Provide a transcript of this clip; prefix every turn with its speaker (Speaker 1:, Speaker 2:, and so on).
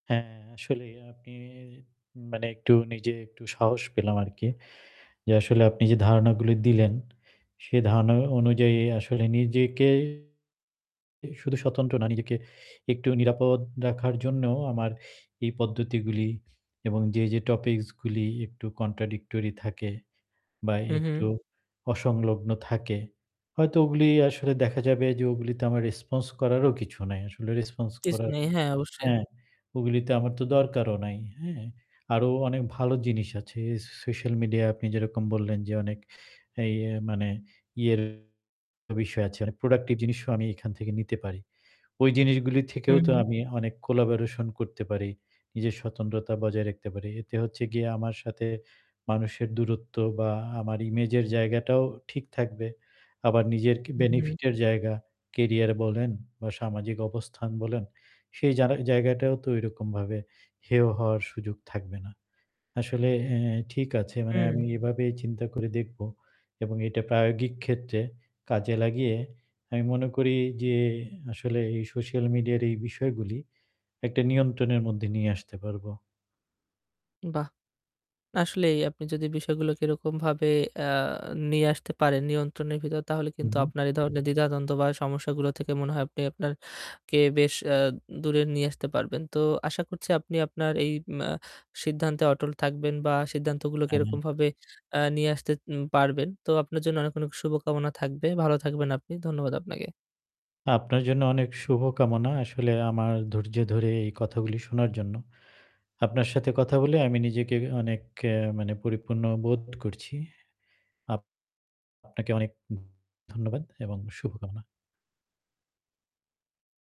Speaker 1: হ্যাঁ, আসলেই আপনি মানে একটু নিজে একটু সাহস পেলাম আর কি। যে আসলে আপনি যে ধারণাগুলি দিলেন সে ধারণা অনুযায়ী আসলে নিজেকে শুধু স্বতন্ত্র না নিজেকে একটু নিরাপদ রাখার জন্য আমার এই পদ্ধতিগুলি এবং যে, যে topics গুলি একটু contradictory থাকে বা
Speaker 2: হুম, হুম।
Speaker 1: একটু অসংলগ্ন থাকে হয়তো ওগুলি আসলে দেখা যাবে যে ওগুলিতে আমার response করারও কিছু নাই। আসলে response
Speaker 2: কিছু
Speaker 1: করার
Speaker 2: নেই, হ্যাঁ অবশ্যই।
Speaker 1: হ্যাঁ, ওগুলিতে আমার তো দরকারও নাই। হ্যাঁ, আরও অনেক ভালো জিনিস আছে স social media আপনি যেরকম বললেন যে অনেক এই এ মানে ইয়ের বিষয় আছে, অনেক productive জিনিসও আমি এখান থেকে নিতে পারি। ওই জিনিসগুলি
Speaker 2: হু,
Speaker 1: থেকেও তো
Speaker 2: হুম।
Speaker 1: আমি অনেক collaboration করতে পারি, নিজের স্বতন্ত্রতা বজায় রাখতে পারি। এতে হচ্ছে গিয়ে আমার সাথে মানুষের দূরত্ব বা আমার image এর জায়গাটাও ঠিক থাকবে। আবার নিজের কি
Speaker 2: হু হুম।
Speaker 1: benefit এর জায়গা, career বলেন বা সামাজিক অবস্থান বলেন সেই জানা জায়গাটাও তো ওইরকমভাবে হেয় হওয়ার সুযোগ থাকবে না। আসলে এ ঠিক আছে মানে
Speaker 2: হুম।
Speaker 1: আমি এভাবেই চিন্তা করে দেখবো এবং এটা প্রায়োগিক ক্ষেত্রে কাজে লাগিয়ে আমি মনে করি যে আসলে এই social media র এই বিষয়গুলি একটা নিয়ন্ত্রণের মধ্যে নিয়ে আসতে পারবো।
Speaker 2: বাহ! আসলেই আপনি যদি বিষয়গুলোকে এরকমভাবে, আ নিয়ে আসতে পারেন নিয়ন্ত্রণের ভিতর তাহলে
Speaker 1: হুম,
Speaker 2: কিন্তু
Speaker 1: হুম।
Speaker 2: আপনার এই ধরনের দ্বিধাদ্বন্দ্ব বা সমস্যাগুলো থেকে মনে হয় আপনি আপনারকে বেশ, আ দূরে নিয়ে আসতে পারবেন। তো আশা করছি আপনি আপনার এই, মা সিদ্ধান্তে অটল থাকবেন বা সিদ্ধান্তগুলোকে
Speaker 1: আমি।
Speaker 2: এরকমভাবে, আ নিয়ে আসতে, উম পারবেন। তো আপনার জন্য অনেক, অনেক শুভকামনা থাকবে। ভালো থাকবেন আপনি। ধন্যবাদ আপনাকে।
Speaker 1: আপনার জন্য অনেক শুভকামনা আসলে আমার ধৈর্য ধরে এই কথাগুলি শোনার জন্য। আপনার সাথে কথা বলে আমি নিজেকে অনেক এ মানে পরিপূর্ণ বোধ করছি। আপ আপনাকে অনেক ধন্যবাদ এবং শুভকামনা।